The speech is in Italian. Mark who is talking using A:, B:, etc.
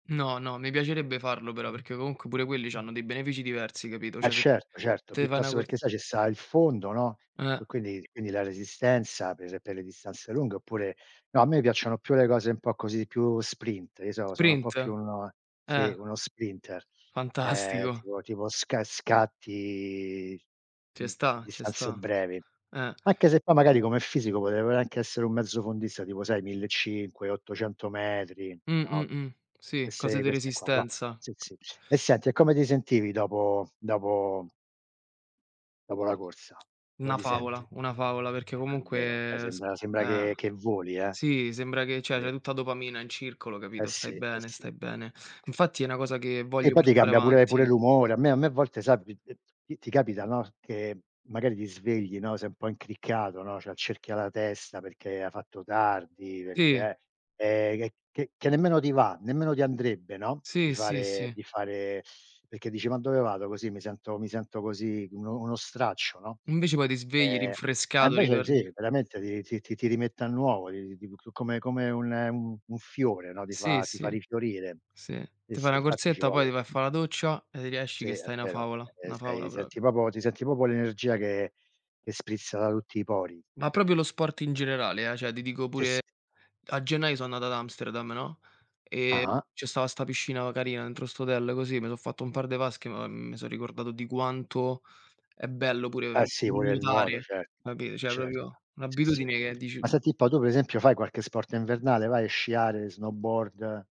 A: No, no, mi piacerebbe farlo però, perché comunque pure quelli c'hanno dei benefici diversi, capito,
B: Eh,
A: cioè, se
B: certo, certo,
A: te fai una
B: piuttosto perché
A: cors
B: sai ci sta il fondo, no,
A: Eh.
B: qui quindi quindi la resistenza per per le distanze lunghe oppure no, a me piacciono più le cose un po' così, più sprint, io so sono un po'
A: Sprint?
B: più uno
A: Eh.
B: sì, uno sprinter, ehm,
A: Fantastico.
B: tipo tipo sca scatti mh,
A: Ce
B: su
A: sta, ce
B: distanze
A: sta,
B: brevi.
A: eh.
B: Anche se poi, magari come fisico potrei pure anche essere un mezzo fondista, tipo sai, 1500, 800 metri,
A: Mh, mh,
B: no,
A: mh, sì, cose
B: queste
A: de
B: queste qua, no.
A: resistenza.
B: Sì sì,
A: C
B: e senti, e come ti sentivi dopo dopo dopo la corsa? Come
A: Una
B: ti senti?
A: favola, una favola. perché
B: È vero, cioè
A: comunque s
B: sembra sembra
A: eh.
B: che che voli, eh.
A: Sì, sembra che cioè c'hai
B: Ve
A: tutta a dopamina in circolo,
B: Eh
A: capito,
B: sì,
A: stai
B: eh
A: bene
B: sì.
A: stai bene. Infatti è 'na cosa che
B: E
A: voglio
B: poi ti
A: portare
B: cambia pure pure
A: avanti.
B: l'umore, a me a me a volte sai t t ti ti capita no, che magari ti svegli, no, sei un po' incriccato no, c'hai il cerchio alla testa perché hai fatto tardi,
A: Sì.
B: perché eh ehm, c che che nemmeno ti va, nemmeno ti andrebbe, no, di
A: Sì, sì,
B: fare
A: sì.
B: di fare perché dici: "Ma dove vado così, mi sento mi sento così uno uno straccio, no."
A: Invece poi ti svegli,
B: Ehm, e
A: rinfrescato,
B: invece
A: ritorni
B: sì, veramente ti ti ti ti ti rimette a nuovo, ti ti come come un un fiore, no, ti
A: Sì,
B: fa ti fa
A: sì,
B: rifiorire.
A: sì,
B: Sì,
A: te fai
B: sì
A: 'na
B: infatti ci
A: corsetta, poi ti
B: vuole
A: vai a fa' la doccia, e riesci
B: Sì
A: che
B: è
A: stai una
B: vero,
A: favola,
B: ehm,
A: una favola
B: stai
A: proprio.
B: senti proprio ti senti proprio l'energia che che sprizza da tutti i pori.
A: Ma proprio lo sport in generale, eh, cioè ti dico
B: Sì,
A: pure
B: s
A: a gennaio sono andato ad Amsterdam, no, ehm,
B: Ah-ah.
A: ce stava sta piscina carina dentro 'sto hotel così, me so fatto un par de vasche, ma mi son ricordato di quanto è bello pure
B: Eh
A: n
B: sì, pure il nuoto,
A: nuotare,
B: cert
A: capito, cioè
B: certo,
A: proprio
B: si, si è
A: un'abitudine
B: ve
A: che
B: Ma
A: dici
B: senti un po', tu per esempio fai qualche sport invernale, vai a sciare snowboard?